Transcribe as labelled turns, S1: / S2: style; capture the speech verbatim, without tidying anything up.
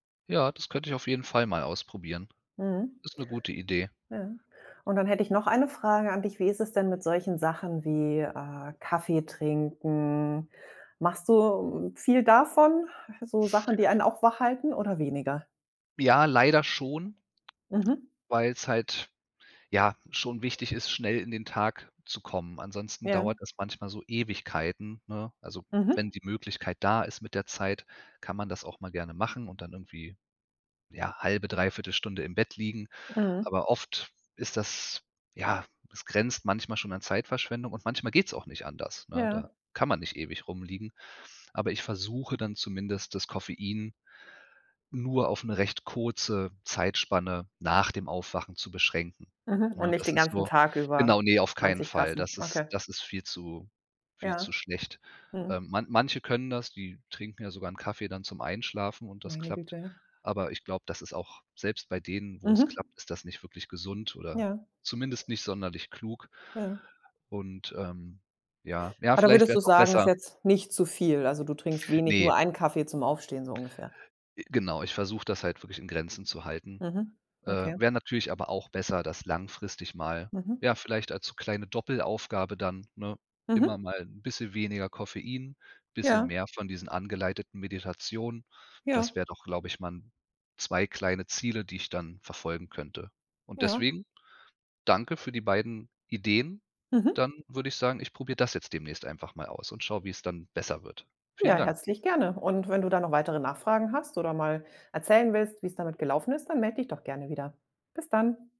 S1: Ja, das könnte ich auf jeden Fall mal ausprobieren.
S2: Mhm.
S1: Ist 'ne gute Idee.
S2: Ja. Und dann hätte ich noch eine Frage an dich: Wie ist es denn mit solchen Sachen wie, äh, Kaffee trinken? Machst du, hm, viel, davon? So Sachen, die einen auch wachhalten oder weniger?
S1: Ja, leider schon
S2: Mhm.
S1: weil's halt, ja, schon wichtig ist, schnell in den Tag zu kommen, ansonsten
S2: Ja.
S1: dauert das manchmal so Ewigkeiten, ne? Also,
S2: Mhm.
S1: wenn die Möglichkeit da ist mit der Zeit, kann man das auch mal gerne machen und dann irgendwie ja halbe, dreiviertel Stunde im Bett liegen,
S2: Mhm.
S1: aber oft ist das ja, es grenzt manchmal schon an Zeitverschwendung und manchmal geht's auch nicht anders, ne? Da
S2: Ja.
S1: kann man nicht ewig rumliegen, aber ich versuche dann zumindest das Koffein nur auf 'ne recht kurze Zeitspanne nach dem Aufwachen zu beschränken,
S2: Mhm. Und
S1: ne?
S2: nicht
S1: Das
S2: den
S1: ist
S2: ganzen
S1: nur
S2: Tag über
S1: genau, ne, auf keinen
S2: zwanzig
S1: Fall.
S2: Tassen?
S1: Das ist,
S2: Okay.
S1: das ist viel zu viel zu
S2: Ja.
S1: schlecht. Äh,
S2: Mhm.
S1: man manche können das, die trinken ja sogar 'n Kaffee dann zum Einschlafen und das
S2: Meine
S1: klappt,
S2: Güte.
S1: aber ich glaube, das ist auch selbst bei denen, wo's
S2: Mhm.
S1: klappt, ist das nicht wirklich gesund oder
S2: Ja.
S1: zumindest nicht sonderlich klug.
S2: Ja.
S1: Und, ähm ja, ja
S2: Ah, da
S1: vielleicht
S2: würdest
S1: wäre
S2: du
S1: es auch
S2: sagen, ist
S1: besser.
S2: jetzt nicht zu viel? Also, du trinkst wenig,
S1: Ne.
S2: nur einen Kaffee zum Aufstehen, so ungefähr.
S1: Äh, genau, ich versuche das halt wirklich in Grenzen zu halten.
S2: Mhm.
S1: Äh,
S2: Okay.
S1: wäre natürlich aber auch besser, das langfristig mal,
S2: Mhm.
S1: ja, vielleicht als so kleine Doppelaufgabe dann, ne immer
S2: Mhm.
S1: mal 'n bisschen weniger Koffein, bisschen
S2: Ja.
S1: mehr von diesen angeleiteten Meditationen.
S2: Ja.
S1: Das wäre doch, glaube ich mal 'n zwei kleine Ziele, die ich dann verfolgen könnte. Und
S2: Ja.
S1: deswegen: Danke für die beiden Ideen.
S2: Mhm.
S1: Dann würde ich sagen, ich probiere das jetzt demnächst einfach mal aus und schaue, wie es dann besser wird. Vielen
S2: Ja,
S1: Dank.
S2: herzlich gerne. Und wenn du da noch weitere Nachfragen hast oder mal erzählen willst, wie's damit gelaufen ist, dann melde dich doch gerne wieder. Bis dann.